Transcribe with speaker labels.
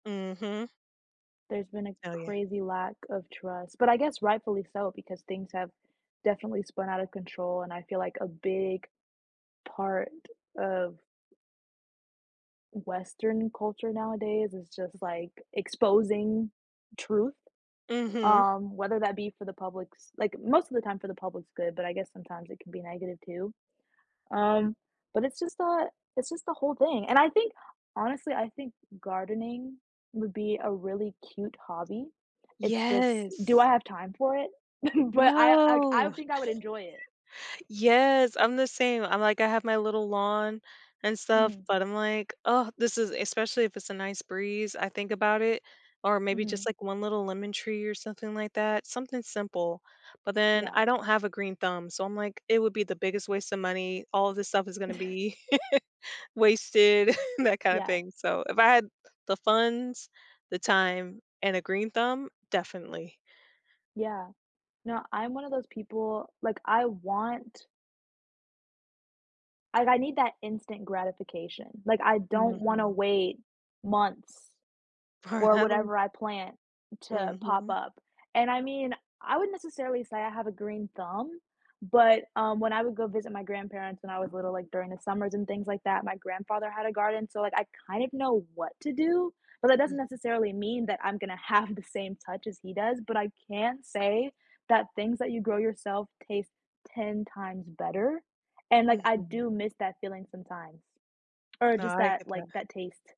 Speaker 1: Mhm.
Speaker 2: There's been a
Speaker 1: Oh, yeah.
Speaker 2: crazy lack of trust, but I guess rightfully so because things have definitely spun outta control and I feel like a big part of western culture nowadays is just,
Speaker 1: Mhm.
Speaker 2: like, exposing truth,
Speaker 1: Mhm.
Speaker 2: um, whether that be for the public's like, most of the time for the public's good, but I guess sometimes it can be negative too. Um, but it's just that it's just the whole thing, and I think, honestly, I think gardening would be a really cute hobby. It's just do I
Speaker 1: Yes.
Speaker 2: have time for it? But I like, I
Speaker 1: No.
Speaker 2: think I would enjoy it.
Speaker 1: Yes, I'm the same, I'm, like, I have my little lawn and stuff,
Speaker 2: Mhm.
Speaker 1: but I'm, like, "Oh, this is" especially if it's a nice breeze, I think about it, or maybe just,
Speaker 2: Mhm.
Speaker 1: like, one little lemon tree or something like that- something simple. But then
Speaker 2: Yeah.
Speaker 1: I don't have a green thumb, so I'm, like, it would be the biggest waste of money, all of this stuff is gonna be wasted, that kinda
Speaker 2: Yeah.
Speaker 1: thing. So if I had the funds, the time, and a green thumb, definitely.
Speaker 2: Yeah, no, I'm one of those people like, I want like, I need that instant gratification, like, I don't wanna
Speaker 1: Mhm.
Speaker 2: wait months
Speaker 1: For
Speaker 2: for
Speaker 1: that long
Speaker 2: whatever I plant to pop
Speaker 1: Mhm.
Speaker 2: up. And I mean, I wouldn't necessarily say I have a green thumb, but, um, when I would go visit my grandparents when I was little, like, during the summers and things like that, my grandfather had a garden, so, like, I kind of know what to do, but that doesn't
Speaker 1: Mhm.
Speaker 2: necessarily mean that I'm gonna have the same touch as he does, but I can say that things that you grow yourself taste 10 times better and, like, I do
Speaker 1: Mhm.
Speaker 2: miss that feeling sometimes or
Speaker 1: No,
Speaker 2: just
Speaker 1: I
Speaker 2: that,
Speaker 1: get
Speaker 2: like,
Speaker 1: that.
Speaker 2: that taste.